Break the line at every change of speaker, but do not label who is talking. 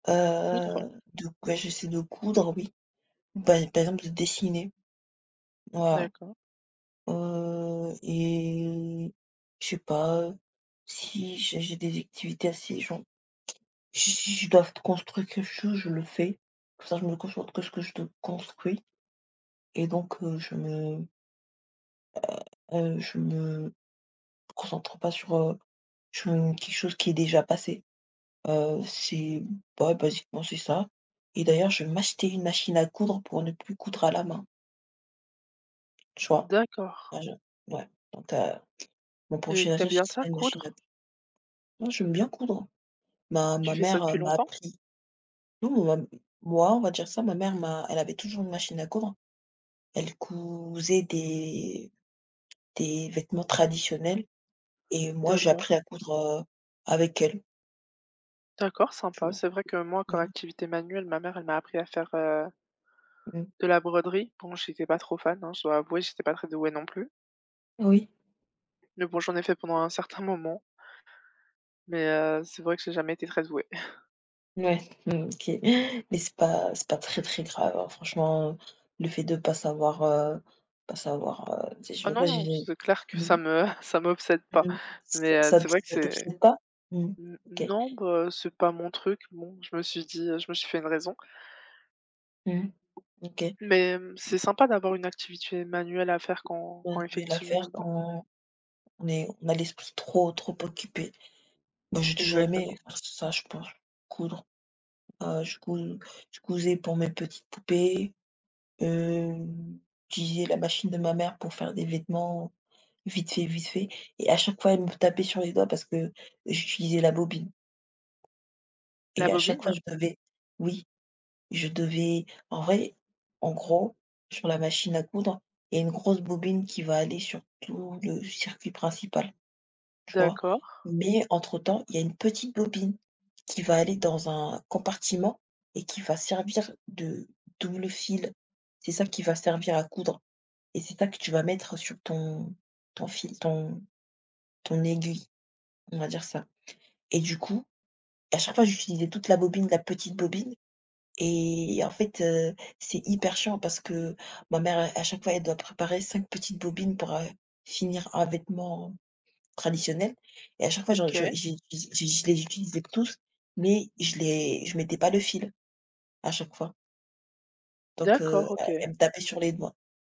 Coudre.
Heu, de ben, j'essaie de coudre, oui. Bah à terme de dessiner. Voilà,
D'accord.
heu et je sais pas, heu, si j'ai j'ai des activités, assez genre si si je dois f construire quelque chose, je le fais, comme ça, je me concentre que ce que je te construis et donc, heu, je me heu heu je me, heu, concentre pas sur, heu, sur une quelque chose qui est déjà passé, heu, c'est bah ouais, basiquement, c'est ça et d'ailleurs, je vais m'acheter une machine à coudre pour ne plus coudre à la main. Tu vois?
D'accord.
À je ouais, donc ta mon
Et
prochain
tu aimes
achat, ce
bien ça,
sera une machine à
coudre?
Non, j'aime bien coudre. Ma
Tu
ma
fais ça
mère, heu,
depuis
m'a
longtemps?
appris. Non ou même, m moi on va dire ça, ma mère m'a elle avait toujours une machine à coudre. Elle cousait des des vêtements traditionnels et moi j'ai
D'accord.
appris à coudre, heu, avec elle.
D'accord,
Tu
sympa.
vois?
C'est vrai que moi comme
Mmh.
activité manuelle, ma mère elle m'a appris à faire, heu
Mmh.
de la broderie donc j'étais pas trop fan, hein, je dois avouer, j'étais pas très douée non plus.
Oui.
Mais bon, j'en ai fait pendant un certain moment mais heu, c'est vrai que j'ai jamais été très douée.
Ouais, mmh, OK. Mais c'est pas c'est pas très, très grave, hein, franchement, le fait de pas savoir, heu, pas savoir, heu, tu sais,
Ah
je veux
non
pas
non,
j'ai
c'est clair que ça
mmh?
me ça m'obsède pas.
Mmh mh, ça
Mais heu,
ça
c'est
t
vrai que
ça
c'est
t'obsède pas? Mmh mh.
n
OK.
non bah, c'est pas mon truc, bon je me suis dit heu, je me suis fait une raison.
Mmh mh. OK.
Mais mmh, c'est sympa d'avoir une activité manuelle à faire quand
On
quand
devait la
effectivement,
faire
bah
quand on est on a l'esprit trop trop occupé. Moi j'ai toujours aimé,
Exactement.
faire ça je pense, coudre. Heu, je cous je cousais pour mes petites poupées, hem, j'utilisais la machine de ma mère pour faire des vêtements, vite fait, vite fait et à chaque fois elle me tapait sur les doigts parce que j'utilisais la bobine.
La
Et à chaque fois
bobine?
je devais oui, je devais en vrai, en gros, sur la machine à coudre, il y a une grosse bobine qui va aller sur tout le circuit principal. Tu vois?
D'accord.
Mais entre temps, il y a une petite bobine qui va aller dans un compartiment et qui va servir de double fil. C'est ça qui va servir à coudre et c'est ça que tu vas mettre sur ton ton fil ton ton aiguille, on va dire ça. Et du coup, à chaque fois j'utilisais toute la bobine de la petite bobine et en fait, heu, c'est hyper chiant parce que ma mère à à chaque fois elle doit préparer 5 petites bobines pour, heu, finir un vêtement traditionnel et à chaque fois, je je
OK.
ji ji je les utilisais les tous, mais je les je mettais pas le fil, à chaque fois. Donc heu,
D'accord OK.
elle elle me tapait sur les doigts.